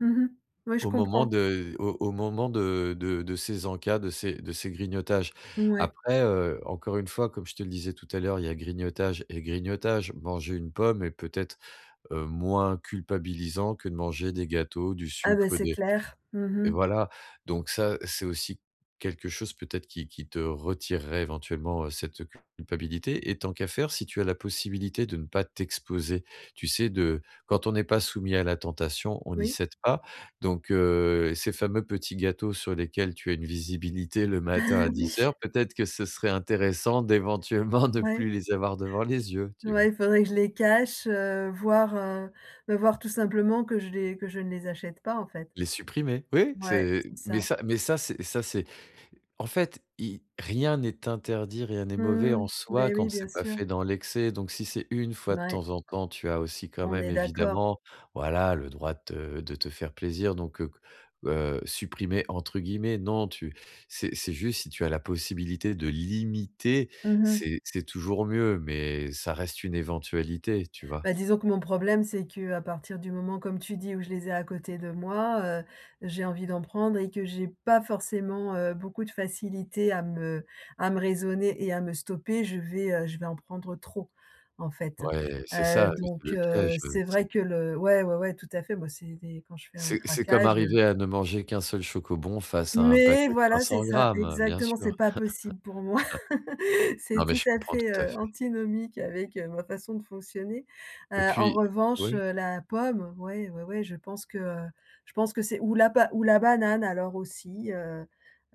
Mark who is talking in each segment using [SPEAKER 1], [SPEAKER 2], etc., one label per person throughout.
[SPEAKER 1] Mmh mh. Oui, je
[SPEAKER 2] Au moment
[SPEAKER 1] comprends.
[SPEAKER 2] de au au moment de de de ces encas de de ces grignotages.
[SPEAKER 1] Mouais.
[SPEAKER 2] Après heu, encore une fois, comme je te le disais tout à l'heure, il y a grignotage et grignotage. Manger une pomme est peut-être, heu, moins culpabilisant que de manger des gâteaux, du
[SPEAKER 1] Ah ben,
[SPEAKER 2] sucre,
[SPEAKER 1] c'est
[SPEAKER 2] des
[SPEAKER 1] clair. Mmh
[SPEAKER 2] et
[SPEAKER 1] mh.
[SPEAKER 2] voilà. Donc ça, c'est aussi quelque chose, peut-être, qui qui te retirerait éventuellement, heu, cette culpabilité. Et tant qu'à faire, si tu as la possibilité de ne pas t'exposer, tu sais, de quand on n'est pas soumis à la tentation, on n'y
[SPEAKER 1] Oui.
[SPEAKER 2] cède pas. Donc heu, ces fameux petits gâteaux sur lesquels tu as une visibilité le matin à 10:00,
[SPEAKER 1] Oui.
[SPEAKER 2] peut être que ce serait intéressant d'éventuellement ne
[SPEAKER 1] Ouais.
[SPEAKER 2] plus les avoir devant les yeux, tu vois?
[SPEAKER 1] Ouais, il faudrait que je les cache, heu, voir, heu heu, voir tout simplement que je les que je ne les achète pas, en fait.
[SPEAKER 2] Les supprimer. Oui,
[SPEAKER 1] Ouais,
[SPEAKER 2] c'est
[SPEAKER 1] c'est
[SPEAKER 2] mais
[SPEAKER 1] ça.
[SPEAKER 2] ça mais ça, c'est ça, c'est en fait, il rien n'est interdit, rien n'est mauvais
[SPEAKER 1] Mmh,
[SPEAKER 2] en soi
[SPEAKER 1] ben oui,
[SPEAKER 2] quand
[SPEAKER 1] bien
[SPEAKER 2] c'est pas
[SPEAKER 1] sûr.
[SPEAKER 2] fait dans l'excès. Donc si c'est 1 fois de
[SPEAKER 1] Mouais.
[SPEAKER 2] temps en temps, tu as aussi quand
[SPEAKER 1] On
[SPEAKER 2] même
[SPEAKER 1] est d'accord.
[SPEAKER 2] évidemment, voilà, le droit de te de te faire plaisir, donc, heu heu «supprimer» entre guillemets, non tu c'est c'est juste si tu as la possibilité de limiter,
[SPEAKER 1] Mmh mh.
[SPEAKER 2] c'est c'est toujours mieux, mais ça reste une éventualité, tu vois?
[SPEAKER 1] Bah, disons que mon problème, c'est qu'à partir du moment, comme tu dis, où je les ai à côté de moi, heu, j'ai envie d'en prendre et que j'ai pas forcément, heu, beaucoup de facilité à me à me raisonner et à me stopper, je vais, heu, je vais en prendre trop, en fait.
[SPEAKER 2] Ouais, c'est
[SPEAKER 1] Heu,
[SPEAKER 2] ça, le
[SPEAKER 1] donc
[SPEAKER 2] le
[SPEAKER 1] heu,
[SPEAKER 2] piège,
[SPEAKER 1] c'est
[SPEAKER 2] heu,
[SPEAKER 1] vrai
[SPEAKER 2] c'est
[SPEAKER 1] que le ouais, ouais, ouais, tout à fait. Moi, c'est des quand je fais un
[SPEAKER 2] c'est c'est comme
[SPEAKER 1] craquage, heu
[SPEAKER 2] arriver à ne manger qu'un seul Schoko-Bons face à un paquet
[SPEAKER 1] mais
[SPEAKER 2] de cinq
[SPEAKER 1] voilà, c'est
[SPEAKER 2] cents
[SPEAKER 1] ça,
[SPEAKER 2] grammes, heu, bien
[SPEAKER 1] exactement, c'est
[SPEAKER 2] sûr.
[SPEAKER 1] pas possible pour moi. C'est
[SPEAKER 2] Non, mais
[SPEAKER 1] tout
[SPEAKER 2] je
[SPEAKER 1] à
[SPEAKER 2] comprends
[SPEAKER 1] fait
[SPEAKER 2] tout à
[SPEAKER 1] ,heu,
[SPEAKER 2] fait.
[SPEAKER 1] antinomique avec, heu, ma façon de fonctionner.
[SPEAKER 2] Et
[SPEAKER 1] Heu, en
[SPEAKER 2] puis
[SPEAKER 1] revanche,
[SPEAKER 2] oui?
[SPEAKER 1] heu, la pomme, oui, oui, oui, je pense que je pense que c'est ou la ou la banane alors aussi, heu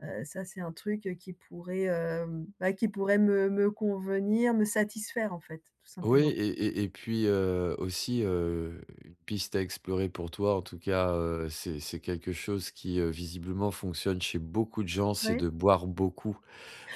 [SPEAKER 1] heu, ça, c'est un truc, heu, qui pourrait, hem, bah, qui pourrait me convenir, me satisfaire, en fait, tout
[SPEAKER 2] Oui,
[SPEAKER 1] simplement.
[SPEAKER 2] et et puis, heu, aussi, heu, piste à explorer pour toi en tout cas, heu, c'est c'est quelque chose qui, heu, visiblement fonctionne chez beaucoup de gens, c'est
[SPEAKER 1] Ouais.
[SPEAKER 2] de boire beaucoup,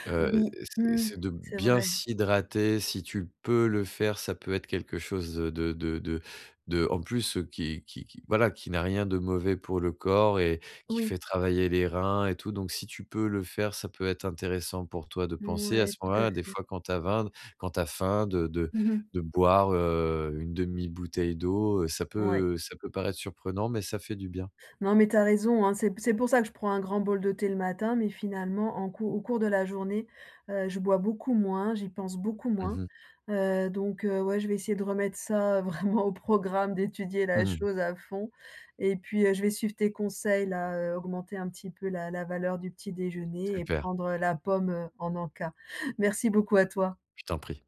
[SPEAKER 2] heu
[SPEAKER 1] Oui,
[SPEAKER 2] c'est
[SPEAKER 1] mmh,
[SPEAKER 2] c'est de
[SPEAKER 1] c'est
[SPEAKER 2] bien
[SPEAKER 1] vrai.
[SPEAKER 2] s'hydrater. Si tu peux le faire, ça peut être quelque chose de de de de de en plus, qui qui qui, voilà, qui n'a rien de mauvais pour le corps et qui
[SPEAKER 1] Oui.
[SPEAKER 2] fait travailler les reins et tout. Donc, si tu peux le faire, ça peut être intéressant pour toi de penser à
[SPEAKER 1] Mouais,
[SPEAKER 2] ce
[SPEAKER 1] tout à
[SPEAKER 2] moment-là des
[SPEAKER 1] fait.
[SPEAKER 2] fois, quand tu as faim quand tu as faim, de de
[SPEAKER 1] Mmh mh.
[SPEAKER 2] de boire, heu, une demi bouteille d'eau, heu, ça
[SPEAKER 1] Ouais.
[SPEAKER 2] peut ça peut paraître surprenant, mais ça fait du bien.
[SPEAKER 1] Non mais tu as raison, heu, c'est c'est pour ça que je prends un grand bol de thé le matin, mais finalement, en cours au cours de la journée, heu, je bois beaucoup moins, j'y pense beaucoup
[SPEAKER 2] Mmh
[SPEAKER 1] moins,
[SPEAKER 2] mh.
[SPEAKER 1] heu, donc heu, ouais, je vais essayer de remettre ça vraiment au programme, d'étudier
[SPEAKER 2] Mmh
[SPEAKER 1] la
[SPEAKER 2] mh.
[SPEAKER 1] chose à fond. Et puis heu, je vais suivre tes conseils, là, augmenter un petit peu la la valeur du petit déjeuner, heu, et
[SPEAKER 2] Super.
[SPEAKER 1] prendre la pomme, heu, en encas. Merci beaucoup à toi!
[SPEAKER 2] Je t'en prie.